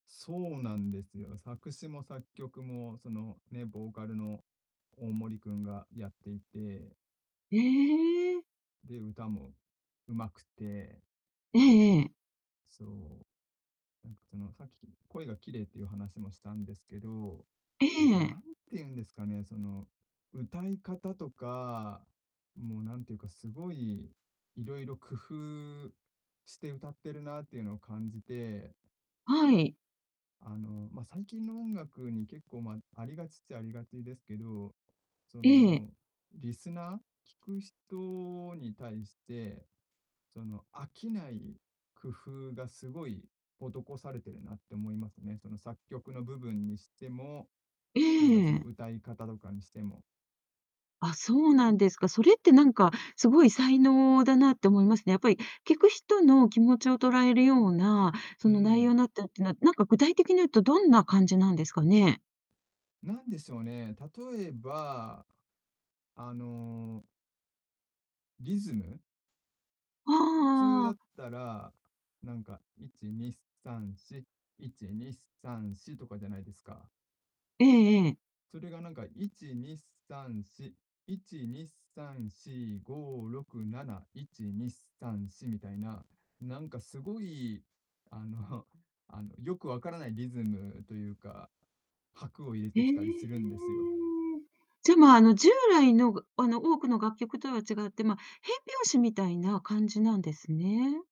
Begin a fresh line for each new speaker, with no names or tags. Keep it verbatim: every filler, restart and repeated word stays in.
そうなんですよ。作詞も作曲も、その、ね、ボーカルのオオモリ君がやっていて。
へえ。
で、歌も上手くて。
ええええ。
そう。なんかその、さっき、き声がきれいっていう話もしたんですけど、
え
あと何
え。
て言うんですかね、その、歌い方とか、もう何て言うか、すごい、色々工夫して歌ってるなっていうのを感じて
はい。
あの、ま、最近の音楽に結構、ま、ありがちっちゃありがちですけど、そ
ええ。
の、リスナー聞く人に対して、その、飽きない工夫がすごい施されてるなって思いますね。その作曲の部分にしても、
え
なんだ
え
そ
え
の
え。
歌い方とかにしても。
あ、そうなんですか。それってなんか、すごい才能だなって思いますね。やっぱり聞く人の気持ちを捉えるような、そ
う
の内容
ん。
なったっていうのは、なんか具体的に言うと、どんな感じなんですかね？
なんでしょうね。例えば、あのリズム。
ああ
普通
あああ
だ
あ。
ったら、なんか、いちにさんし、いちにさんし、とかじゃないですか。
ええええ。
それがなんか、いちにさんし、いちにさんしごろくなな、いちにさんし、みたいな、なんかすごい、あのあのよく分からないリズムというか、拍を入れ
え
て
え、え
きたりす
え。
るんですよ。
じゃ、まあ、あの従来のぐあの多くの楽曲とは違って、ま、変拍子みたいな感じなんですね。